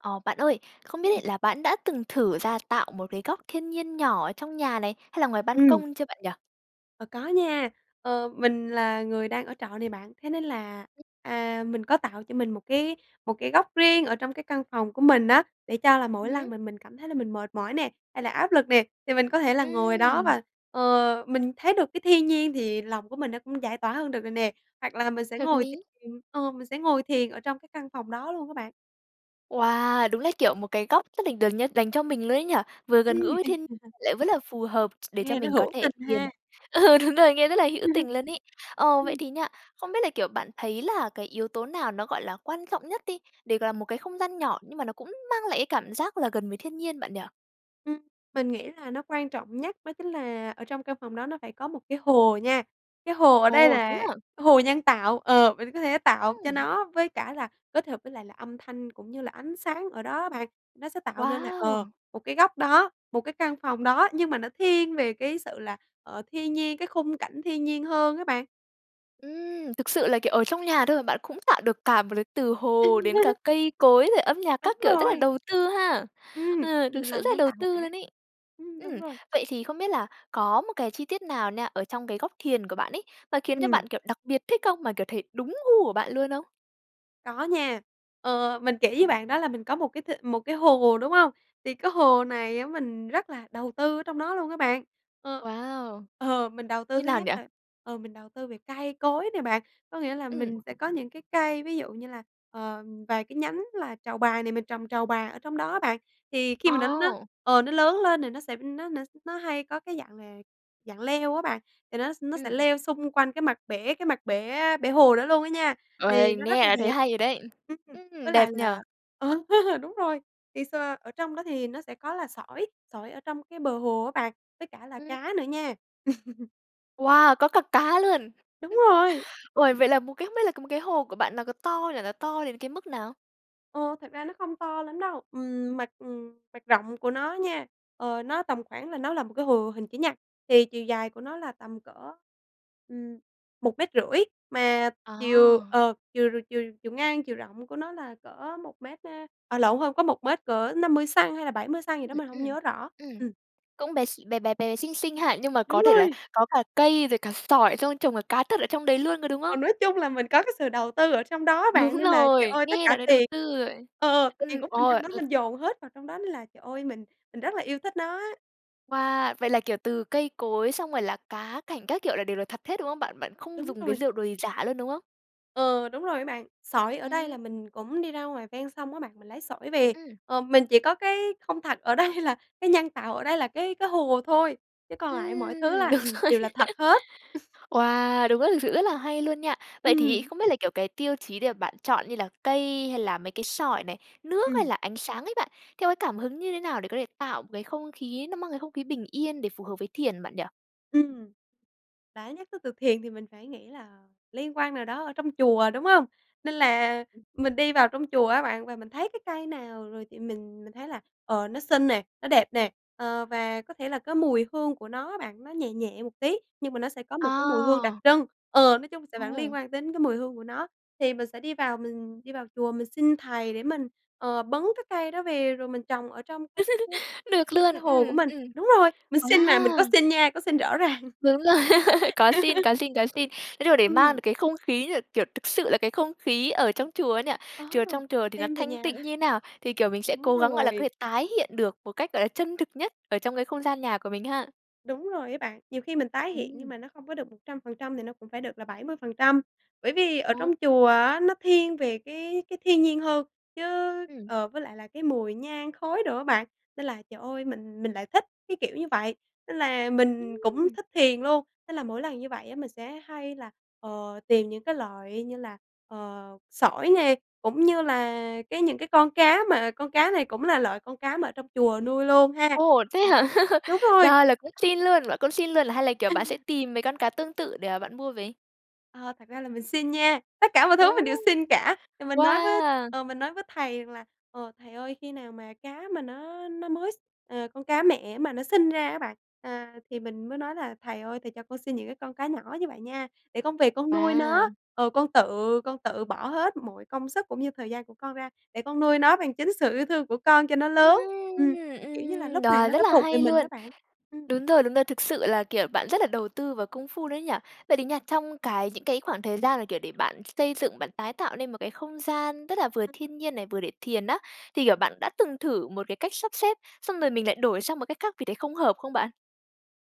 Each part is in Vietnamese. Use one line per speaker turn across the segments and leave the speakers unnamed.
Ờ, bạn ơi, không
Ừm.
biết là bạn đã từng thử ra tạo một cái góc thiên nhiên nhỏ ở trong nhà này hay là ngoài ban
Ừm.
công chưa bạn nhỉ?
Ờ, có nha. Ờ, mình là người đang ở trọ nè bạn, thế nên là, à, mình có tạo cho mình một cái một cái góc riêng ở trong cái căn phòng của mình á để cho là mỗi
Ừm
lần
hứm.
mà mình cảm thấy là mình mệt mỏi nè, hay là áp lực nè, thì mình có thể là ngồi đó
Ừm.
và, ờ, mình thấy được cái thiên nhiên thì lòng của mình nó cũng giải tỏa hơn được rồi nè. Hoặc là mình sẽ
Hợp
ngồi th
lý!
ờ, mình sẽ ngồi thiền ở trong cái căn phòng đó luôn á bạn.
Wow, đúng là kiểu một cái góc rất là, kiểu như, dành cho mình luôn ấy nhỉ? Vừa gần
Ừm.
gũi với thiên lại vẫn là phù hợp s để cho
Nghe nó
mình có
hữu
thể
tình
thiền
ha.
ừ, đúng rồi, nghe rất là hữu tình luôn ấy. Ồ, vậy
Ừm.
thì nha, không biết là, kiểu, bạn thấy là cái yếu tố nào nó, gọi là, quan trọng nhất đi, để, gọi là, một cái không gian nhỏ nhưng mà nó cũng mang lại cái cảm giác là gần với thiên nhiên bạn nhỉ?
Ừm. Mình nghĩ là nó quan trọng nhất đó chính là ở trong căn phòng đó nó phải có một cái hồ nha. Cái hồ ở đây
Ồ, thế
là
hả?
hồ nhân tạo ờ, mình có thể tạo cho
Ừm.
nó với cả là kết hợp với lại là âm thanh cũng như là ánh sáng ở đó á bạn. Nó sẽ tạo nên là, ờ,
Wow!
một cái góc đó, một cái căn phòng đó nhưng mà nó thiên về cái sự là, ờ, thiên nhiên, cái khung cảnh thiên nhiên hơn á bạn.
Ừm, thực sự là, kiểu, ở trong nhà thôi mà bạn cũng tạo được cả một cái từ hồ đến cả cây cối rồi âm nhạc
Đúng
các kiểu rất là
rồi!
đầu tư ha.
Ừm,
Ừ, thực
mình
sự
làm
rất là
nhân
đầu
tạo một
tư
cả.
luôn ấy.
Ừm, đúng
Ừm,
rồi.
vậy thì không biết là có một cái chi tiết nào nha, ở trong cái góc thiền của bạn ấy, mà khiến cho
Ừm.
bạn, kiểu, đặc biệt thích không, mà, kiểu, thấy đúng gu của bạn luôn không?
Có nha. Ờ, mình kể với bạn đó là mình có một cái th một cái hồ, đúng hông? Thì cái hồ này á, mình rất là đầu tư ở trong đó luôn á, bạn, ờ.
Wow!
Ờ, mình đầu tư
Như
thứ
nào
nhất
nhỉ?
là, ờ, mình đầu tư về cây cối nè, bạn, có nghĩa là
Ừm.
mình sẽ có những cái cây, ví dụ như là, ờ, vài cái nhánh là trầu bà này mình trồng trầu bà ở trong đó á, bạn. Thì khi mà nó nó
Ồ!
ờ, nó lớn lên thì nó sẽ nó s nó hay có cái dạng là dạng leo á bạn, thì nó nó sẽ
Ừm.
leo xung quanh cái mặt bể cái mặt bể bể hồ đó luôn á nha, thì
Uầy,
nó rất
nghe
là
là thấy
đẹp.
hay rồi đấy.
Ừm, với
Ừm, đẹp
lại
nhỉ!
là, ờ, đúng rồi, thì s ở trong đó thì nó sẽ có là sỏi, sỏi ở trong cái bờ hồ á bạn, với cả là
Ừm.
cá nữa nha.
Wow, có cả cá luôn?
Đúng rồi!
Uầy, vậy là một cái không biết là một cái hồ của bạn nó có to là nó to đến cái mức nào?
Ờ, thật ra nó không to lắm đâu. Ừm, mặt mặt rộng của nó nha, ờ, nó tầm khoảng là nó là một cái hồ hình chữ nhật, thì chiều dài của nó là tầm cỡ, ừm, 1,5 mét mà chiều
Ờ.
ờ, chiều chiều chiều ngang, chiều rộng của nó là cỡ 1 mét à, à lộn, hông có 1 mét, cỡ 50 xăng-ti-mét hay là 70 xăng-ti-mét gì
Ừm,
đó mà hông
ừm,
nhớ rõ.
ừm.
Ừm.
Cũng bé x bé, bé bé xinh xinh ha nhưng mà
Đúng
có thể là
rồi.
có cả cây rồi cả sỏi xong trồng cả cá thật ở trong đấy luôn rồi, đúng
Ờ,
không?
nói chung là mình có cái sự đầu tư ở trong đó á bạn,
Đúng
nên là trời
rồi,
ơi tất
nghe
cả
đã đấy đầu
tiền
tư rồi.
ờ, ờ, tiền
Ừm,
của mình
ôi
trong đó
l
mình dồn hết vào trong đó. Nên là trời ơi, mình mình rất là yêu thích nó á.
Wow! Vậy là kiểu từ cây cối xong rồi là cá cảnh các kiểu là đều là thật hết, đúng không bạn? Bạn không
Đúng
dùng cái
rồi.
rượu đồ gì giả luôn, đúng không?
Ờ, đúng rồi á bạn. Sỏi ở đây là
Ừm.
mình cũng đi ra ngoài ven sông á bạn, mình lấy sỏi về,
Ừm.
ờ, mình chỉ có cái không thật ở đây là cái nhân tạo ở đây là cái cái hồ thôi, chứ còn lại mọi thứ
Ừm,
là,
đúng
ừm,
rồi.
đều là thật hết.
Wow, đúng rồi, thực sự rất là hay luôn nha! Vậy thì
Ừm.
không biết là kiểu cái tiêu chí để bạn chọn như là cây hay là mấy cái sỏi này, nước hay
Ừm.
là ánh sáng ấy bạn, theo cái cảm hứng như thế nào để có thể tạo một cái không khí, nó mang cái không khí bình yên để phù hợp với thiền bạn nhỉ?
Ừm. Đã nhắc tới từ "thiền" thì mình phải nghĩ là liên quan nào đó ở trong chùa, đúng hông? Nên là
[unintelligible]
mình đi vào trong chùa á bạn, và mình thấy cái cây nào rồi thì mình mình thấy là, ờ, nó xinh nè, nó đẹp nè, ờ, và có thể là cái mùi hương của nó á bạn, nó nhẹ nhẹ một tí nhưng mà nó sẽ có một cái mùi hương đặc
Ờ.
trưng, ờ, nói chung sẽ vẫn
Ồ.
liên quan đến cái mùi hương của nó. Thì mình sẽ đi vào mình đi vào chùa, mình xin Thầy để mình, ờ, bứng cái cây đó về rồi mình trồng ở trong cái cái cái
Được
cái
luôn,
cái hồ của
ừm,
mình.
ừm.
Đúng rồi, mình xin mà, mình có
Wow!
xin nha, có xin rõ ràng.
Đúng rồi. Có xin, có xin, có xin. Cái điều đấy mang
Ừm.
được cái không khí như là kiểu thực sự là cái không khí ở trong chùa ấy nhỉ.
Ờ,
Chùa trong chùa thì nó
đem về
thanh
nhà.
tịnh như thế nào thì, kiểu, mình sẽ
Đúng
cố gắng gọi là có
rồi.
thể tái hiện được một cách, gọi là, chân thực nhất ở trong cái không gian nhà của mình ha.
Đúng rồi ấy bạn, nhiều khi mình tái hiện nhưng
Ừm.
mà nó không có được 100% thì nó cũng phải được là 70%. Bởi vì ở
Ồ.
trong chùa á, nó thiên về cái cái thiên nhiên hơn, chứ
Ừm.
ờ, với lại là cái mùi nhang khói đồ á bạn, nên là trời ơi! Mình mình lại thích cái kiểu như vậy. Nên là mình cũng
Ừm.
thích thiền luôn, nên là mỗi lần như vậy á mình sẽ hay là, ờ, tìm những cái loại như là, ờ, sỏi nè, cũng như là cái những cái con cá, mà con cá này cũng là loại con cá mà ở trong chùa nuôi luôn ha.
Ồ, thế
Ừm,
hả?
đúng rồi.
Là là cũng xin luôn bạn cũng xin luôn hay là, kiểu, bạn sẽ
[unintelligible]
tìm mấy con cá tương tự để mà bạn mua về?
Ờ, thật ra là mình xin nha, tất cả mọi thứ
Ồ,
mình đều xin cả. Thì mình nói với
wow!
ờ, mình nói với Thầy rằng là, ờ, "Thầy ơi, khi nào mà cá mà nó nó mới s", ờ, con cá mẹ mà nó sinh ra á bạn. À, thì mình mới nói là "Thầy ơi, Thầy cho con xin những cái con cá nhỏ như vậy nha, để con về con nuôi nó,
Wow!
ờ, con tự con tự bỏ hết mọi công sức cũng như thời gian của con ra để con nuôi nó bằng chính sự yêu thương của con cho nó
Ừm,
lớn." Ừm, kiểu như là
ừm,
lúc này
rồi
nó
rất
đã
là
thuộc về
hay
mình đó
luôn.
bạn. Ừm.
Đúng rồi, đúng rồi. Thực sự là, kiểu, bạn rất là đầu tư và công phu đấy nhỉ? Vậy thì nha, trong
Ừm.
cái những cái khoảng thời gian mà, kiểu, để bạn xây dựng, bạn tái tạo nên một cái không gian rất là vừa thiên nhiên này, vừa để thiền á, thì, kiểu, bạn đã từng thử một cái cách sắp xếp xong rồi mình lại đổi sang một cách khác vì thấy không hợp không bạn?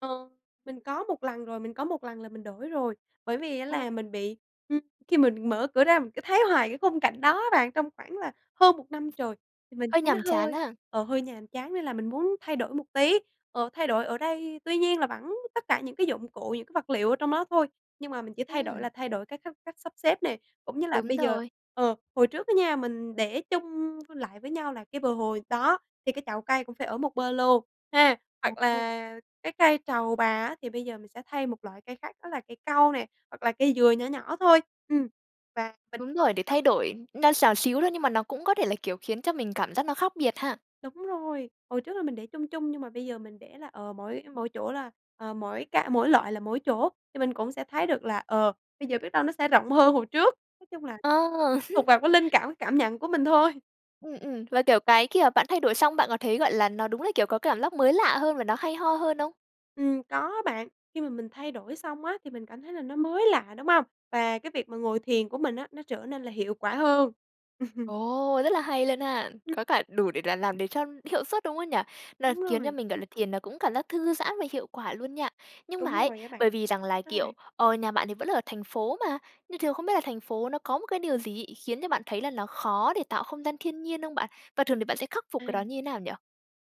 Ờ. Mình có một lần rồi, mình có một lần là mình đổi rồi. Bởi vì á
Ờ.
là mình bị ừm, khi mình mở cửa ra mình cứ thấy hoài cái khung cảnh đó á bạn. Trong khoảng là hơn 1 năm trời, thì mình
Hơi
thấy nó
nhàm chán
hơi,
ha?
ờ, hơi nhàm chán nên là mình muốn thay đổi một tí. Ờ, thay đổi ở đây tuy nhiên là vẫn tất cả những cái dụng cụ, những cái vật liệu ở trong đó thôi, nhưng mà mình chỉ thay đổi
Ừm.
là thay đổi cái cách cách sắp xếp nè. Cũng như là
Đúng
bây giờ
rồi.
ờ, hồi trước á nha mình để chung vô lại với nhau là cái bờ hồ đó, thì cái chậu cây cũng phải ở một bên luôn ha,
Ồ,
hoặc
ô!
là cái cây trầu bà á thì bây giờ mình sẽ thay một loại cây khác đó là cây cau nè, hoặc là cây dừa nhỏ nhỏ thôi. Ừm, và mình
Đúng rồi, để
[unintelligible]
thay đổi nó xào xíu thôi nhưng mà nó cũng có thể là, kiểu, khiến cho mình cảm giác nó khác biệt ha.
Đúng rồi. Hồi trước là mình để chung chung nhưng mà bây giờ mình để là, ờ, mỗi mỗi chỗ là, ờ, mỗi cạ mỗi loại là mỗi chỗ, thì mình cũng sẽ thấy được là, ờ, bây giờ biết đâu nó sẽ rộng hơn hồi trước. Nói chung là
À.
thuộc vào cái linh cảm, cảm nhận của mình thôi.
Ừm, ừm, và, kiểu, cái khi mà bạn thay đổi xong bạn có thấy, gọi là, nó đúng là, kiểu, có cảm giác mới lạ hơn và nó hay ho hơn không?
Ừm, có bạn, khi mà mình thay đổi xong á thì mình cảm thấy là nó mới lạ, đúng hông? Và cái việc mà ngồi thiền của mình á, nó trở nên là hiệu quả hơn.
Ồ, rất là hay luôn ha!
[unintelligible]
Có cả đủ để là làm để cho hiệu suất, đúng không nhỉ? Nó
Đúng
khiến cho
rồi.
mình, gọi là, thiền là cũng cảm giác thư giãn và hiệu quả luôn nha. Nhưng mà
Đúng
ấy,
rồi á bạn.
bởi vì rằng là,
Sao
kiểu,
bạn?
ờ, nhà bạn thì vẫn là ở thành phố mà, nhưng thường không biết là thành phố nó có một cái điều gì ấy, khiến cho bạn thấy là nó khó để tạo không gian thiên nhiên không bạn? Và thường thì bạn sẽ khắc phục cái đó
À.
như thế nào nhỉ?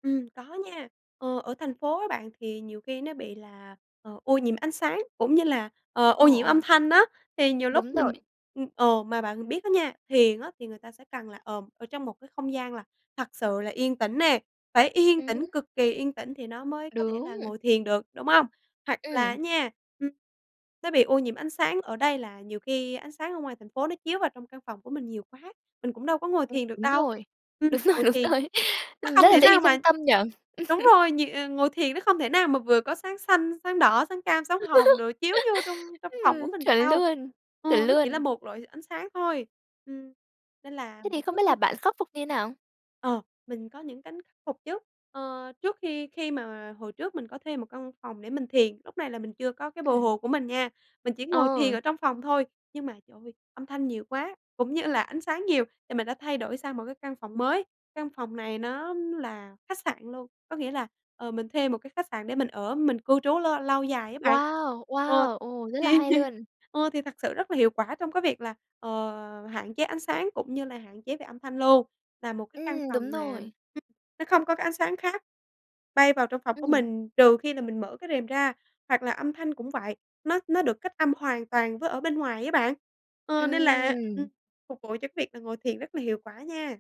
Ừm, có nha, ờ, ở thành phố á bạn thì nhiều khi nó bị là, ờ, ô nhiễm ánh sáng cũng như là, ờ,
Ờ,
ô nhiễm âm
ờ.
thanh á. Thì nhiều lúc
Đúng rồi.
mình ưm, ờ, mà bạn biết á nha, thiền á thì người ta sẽ cần là, ờ, ở trong một cái không gian là thật sự là yên tĩnh nè, phải yên
Ừm
tĩnh,
hứm.
cực kỳ yên tĩnh thì nó mới có thể
Đúng.
là ngồi thiền được, đúng hông? Hoặc là á
Ừm.
nha, ừm, nó bị ô nhiễm ánh sáng ở đây là nhiều khi ánh sáng ở ngoài thành phố nó chiếu vào trong căn phòng của mình nhiều quá, mình cũng đâu có ngồi
Ừm,
thiền được
đúng
đâu.
rồi,
Ừm,
đúng rồi,
ngồi
đúng
thiền
rồi,
nó
ừm,
không
rất là
thể
dễ bị
nào mà
phân tâm nhỉ.
đúng rồi, nh ngồi thiền nó không thể nào mà vừa có sáng xanh, sáng đỏ, sáng cam, sáng hồng đồ chiếu vô trong trong phòng của
Ừm.
mình được
Chuẩn
đâu,
luôn,
ừ,
chuẩn
nó chỉ là
luôn!
một loại ánh sáng thôi. Ừm, nên là
Thế thì
mỗi cái
không
lúc
biết là
như
bạn khắc phục như thế nào?
Ờ, mình có những cánh khắc phục chứ, ờ, trước khi khi mà hồi trước mình có thuê một căn phòng để mình thiền. Lúc này là mình chưa có cái bờ
Ừm.
hồ của mình nha, mình chỉ ngồi thiền
Ờ.
ở trong phòng thôi. Nhưng mà trời ơi, âm thanh nhiều quá cũng như là ánh sáng nhiều, thì mình đã thay đổi sang một cái căn phòng mới. Căn phòng này nó là khách sạn luôn, có nghĩa là, ờ, mình thuê một cái khách sạn để mình ở, mình cư trú lâu lâu dài á bạn.
Wow,
Ờ,
wow! Ồ, rất là
thì
hay luôn.
ờ, thì thật sự rất là hiệu quả trong cái việc là, ờ, hạn chế ánh sáng cũng như là hạn chế về âm thanh luôn. Là một cái căn
Ừm,
phòng
đúng
mà
rồi.
[unintelligible] nó không có cái ánh sáng khác bay vào trong phòng của
Ừm.
mình trừ khi là mình mở cái rèm ra. Hoặc là âm thanh cũng vậy, nó nó được cách âm hoàn toàn với ở bên ngoài á bạn, ờ, nên là, ừm,
Ừm.
phục vụ cho cái việc là ngồi thiền rất là hiệu quả nha.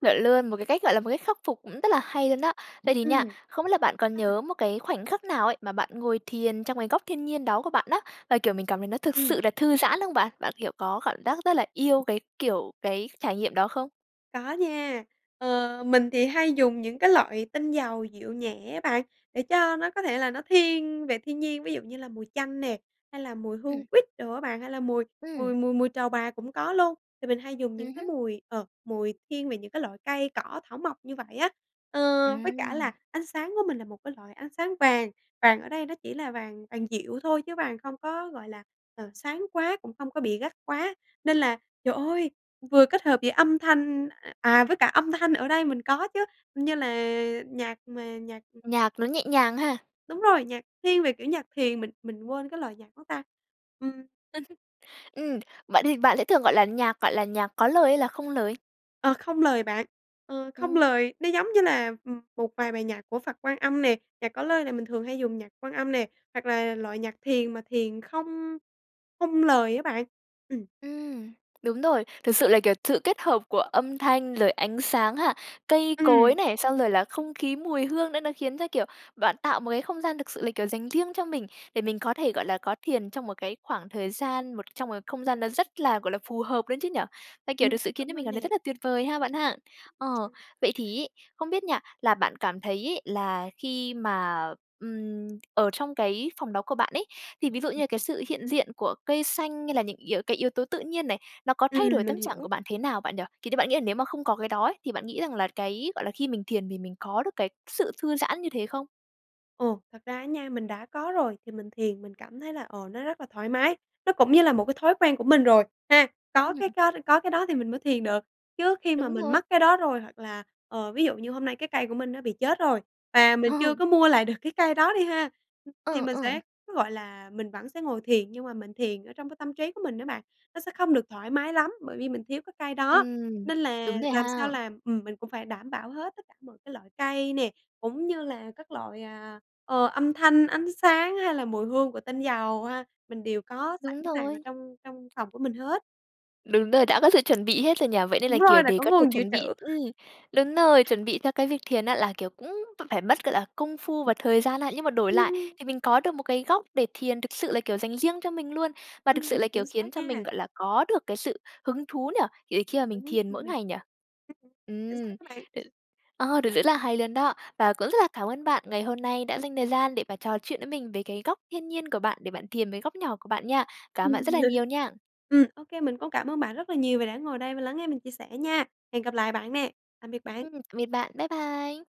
Chuẩn luôn, một cái cách gọi là một khắc phục cũng rất là hay luôn đó. Vậy thì
Ừm.
nha, không biết là bạn còn
Ừm.
nhớ một cái khoảnh khắc nào ấy mà bạn ngồi thiền trong cái góc thiên nhiên đó của bạn á? Và kiểu mình cảm nhận nó thực
Ừm.
sự là thư giãn không bạn? Bạn, kiểu, có cảm giác rất là yêu cái, kiểu, cái trải nghiệm đó không?
Có nha. Ờ, mình thì hay dùng những cái loại tinh dầu dịu nhẹ á bạn, để cho nó có thể là nó thiên về thiên nhiên, ví dụ như là mùi chanh nè, hay là mùi hương
Ừm.
quýt đồ á bạn, hay là mùi
Ừm.
mùi mùi mùi trầu bà cũng có luôn. Thì mình hay dùng những
Ừm
cái
hứm.
mùi, ờ, mùi thiên về những cái loại cây cỏ thảo mộc như vậy á. Ờ, với cả là
Ừm.
ánh sáng của mình là một cái loại ánh sáng vàng; vàng ở đây nó chỉ là vàng vàng dịu thôi chứ vàng không có, gọi là, ờ, sáng quá, cũng không có bị gắt quá. Nên là trời ơi, vừa kết hợp với âm thanh à, với cả âm thanh ở đây mình có chứ, như là nhạc mà nhạc
Nhạc nó nhẹ nhàng ha?
Đúng rồi, nhạc thiên về kiểu nhạc thiền, mình mình quên cái lời nhạc đó ta. Ừm.
Ừm, bạn thì bạn sẽ thường, gọi là, nhạc, gọi là, nhạc có lời hay là không lời?
Ờ, không lời bạn, ờ không
Ừm.
lời, nó giống như là, ừm, một vài bài nhạc của Phật Quan Âm nè, nhạc có lời này mình thường hay dùng nhạc Quan Âm nè, hoặc là loại nhạc thiền mà thiền không không lời á bạn. Ừm.
Ừm, đúng rồi, thực sự là kiểu sự kết hợp của âm thanh, rồi ánh sáng ha, cây cối
Ừm.
này, xong rồi là không khí, mùi hương nữa nó khiến cho, kiểu, bạn tạo một cái không gian thực sự là, kiểu, dành riêng cho mình để mình có thể, gọi là, có thiền trong một cái khoảng thời gian, một trong một không gian nó rất là, gọi là, phù hợp nữa chứ nhỉ? À, kiểu,
Ừm,
thực sự khiến
đúng
cho mình
rồi
cảm thấy
nè.
rất là tuyệt vời ha bạn ha? Ờ, vậy
[unintelligible]
thì ấy, không biết nha, là bạn cảm thấy ấy, là khi mà, ừm, ở trong cái phòng đó của bạn ấy, thì ví dụ như
[unintelligible]
là cái sự hiện diện của cây xanh hay là những yếu cái yếu tố tự nhiên này, nó có
Ừm,
thay đổi
mình
tâm trạng của
hiểu.
bạn thế nào bạn nhỉ? Thì như bạn nghĩ là nếu mà không có cái đó ấy, thì bạn nghĩ rằng là cái, gọi là, khi mình thiền thì mình có được cái sự thư giãn như thế không?
Ồ, thật ra á nha, mình đã có rồi thì mình thiền mình cảm thấy là, ờ, nó rất là thoải mái, nó cũng như là một cái thói quen của mình rồi ha! Có cái
Ừm.
có có cái đó thì mình mới thiền được, chứ khi mà
Đúng
mình
rồi.
mất cái đó rồi hoặc là, ờ, ví dụ như hôm nay cái cây của mình nó bị chết rồi và mình
Ờ.
chưa có mua lại được cái cây đó đi ha, thì
Ờ,
mình
ờ.
sẽ, gọi là, mình vẫn sẽ ngồi thiền nhưng mà mình thiền ở trong cái tâm trí của mình á bạn, nó sẽ không được thoải mái lắm bởi vì mình thiếu cái cây đó.
Ừm,
Nên là
đúng rồi
làm sao
ha.
làm ừm, mình cũng phải đảm bảo hết tất cả mọi cái loại cây nè, cũng như là các loại, à, ờ, âm thanh, ánh sáng hay là mùi hương của tinh dầu ha, mình đều có sẵn
Đúng
sàng ở
rồi.
trong trong phòng của mình hết.
Đúng rồi, đã có sự chuẩn bị hết rồi nhỉ? Vậy nên
Đúng
là,
rồi,
kiểu,
là
để
có
có thể
nguồn dự
chuẩn bị
trữ.
ừm, đúng rồi, chuẩn bị theo cái việc thiền á là, kiểu, cũng phải mất, gọi là, công phu và thời gian ha. Nhưng mà đổi lại
Ừm.
thì mình có được một cái góc để thiền thực sự là, kiểu, dành riêng cho mình luôn, mà thực sự
Ừm,
là, kiểu,
chính xác
khiến cho mình,
nha.
gọi là, có được cái sự hứng thú nhỉ? Kiểu, khi mà mình
Đúng
thiền mỗi
rồi.
ngày nhỉ?
Ừm, chính
Ừm,
xác á bạn.
ừ, ờ, được rất là hay luôn đó. Và cũng rất là cảm ơn bạn ngày hôm nay đã dành thời gian để mà trò chuyện với mình về cái góc thiên nhiên của bạn để bạn tìm về góc nhỏ của bạn nha. Cảm ơn bạn rất là nhiều nha!
Ừm, ô kê, mình cũng cảm ơn bạn rất là nhiều vì đã ngồi đây và lắng nghe mình chia sẻ nha! Hẹn gặp lại bạn nè! Tạm biệt bạn.
Ừm, tạm biệt bạn. Bye bye!